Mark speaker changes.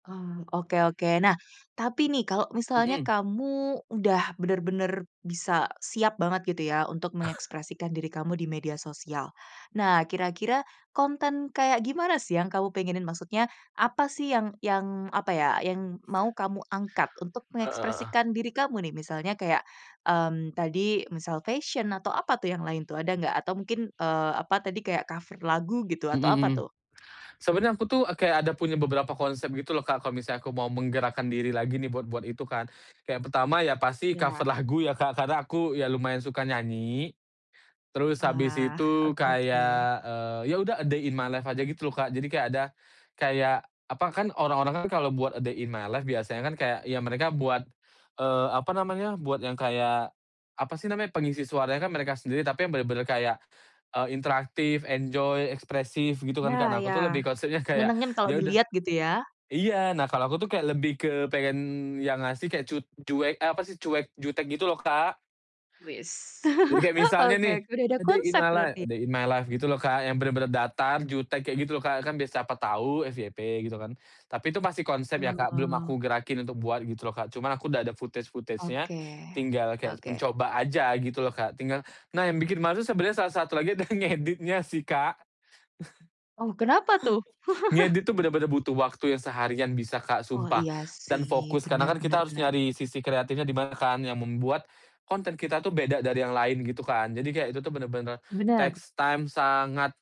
Speaker 1: Hmm, oke oke. Nah, tapi nih, kalau misalnya
Speaker 2: Mhm.
Speaker 1: kamu udah bener-bener bisa siap banget, gitu ya, untuk mengekspresikan diri kamu di media sosial, nah, kira-kira konten kayak gimana sih yang kamu pengenin, maksudnya apa sih yang yang, apa ya, yang mau kamu angkat untuk
Speaker 2: Heeh heeh.
Speaker 1: mengekspresikan diri kamu nih? Misalnya kayak, mmm, tadi misal fashion, atau apa tuh yang lain tuh, ada nggak? Atau mungkin, eee, apa tadi, kayak cover lagu gitu
Speaker 2: Mhm
Speaker 1: atau apa
Speaker 2: mhm.
Speaker 1: tuh?
Speaker 2: Sebenarnya aku tuh kayak ada punya beberapa konsep gitu loh, Kak, kalau misalnya aku mau menggerakkan diri lagi nih buat-buat itu kan. Yang pertama ya pasti cover
Speaker 1: Ya.
Speaker 2: lagu ya, Kak, karena aku ya lumayan suka nyanyi. Terus habis
Speaker 1: Wah,
Speaker 2: itu
Speaker 1: oke oke.
Speaker 2: kayak, eee, ya udah "a day in my life" aja gitu loh, Kak, jadi kayak ada kayak apa kan, orang-orang kan kalau buat "a day in my life" biasanya kan kayak ya mereka buat, eee, apa namanya, buat yang kayak, apa sih namanya, pengisi suaranya kan mereka sendiri, tapi yang bener-bener kayak, eee, interaktif, enjoy, ekspresif, gitu kan, Kak.
Speaker 1: Nah,
Speaker 2: Nah, aku
Speaker 1: iya,
Speaker 2: tuh lebih konsepnya, kayak
Speaker 1: nyenengin kalau
Speaker 2: ya udah
Speaker 1: dilihat, gitu ya.
Speaker 2: iya, nah, kalau aku tuh kayak lebih ke pengen yang ngasih kayak cu cuek eh, apa sih, cuek, jutek gitu loh, Kak.
Speaker 1: Weis.
Speaker 2: Jadi kayak misalnya
Speaker 1: Oke
Speaker 2: nih,
Speaker 1: oke, udah ada
Speaker 2: "A day in
Speaker 1: konsep
Speaker 2: my life
Speaker 1: berarti, ya.
Speaker 2: a day in my life," gitu loh Kak, yang bener-bener datar, jutek kayak gitu loh, Kak, kan biar siapa tahu FYP, gitu kan. Tapi itu masih konsep ya, Kak, belum
Speaker 1: Oh.
Speaker 2: aku gerakin untuk buat, gitu loh, Kak, cuman aku udah ada footage-footagenya,
Speaker 1: Oke.
Speaker 2: tinggal kayak
Speaker 1: Oke.
Speaker 2: mencoba aja, gitu loh, Kak. Tingga nah, yang bikin males tuh sebenernya salah satu lagi, adalah ngeditnya, sih, Kak.
Speaker 1: Oh, kenapa tuh?
Speaker 2: Ngedit tuh bener-bener butuh waktu yang seharian bisa, Kak,
Speaker 1: Oh,
Speaker 2: sumpah.
Speaker 1: iya,
Speaker 2: Dan
Speaker 1: sih,
Speaker 2: fokus. Karena
Speaker 1: benar
Speaker 2: kan
Speaker 1: benar
Speaker 2: kita harus
Speaker 1: benar.
Speaker 2: nyari sisi kreatifnya di mana kan, yang membuat konten kita tuh beda dari yang lain, gitu kan. Jadi kayak itu tuh bener-bener
Speaker 1: Benar.
Speaker 2: takes time, sangat.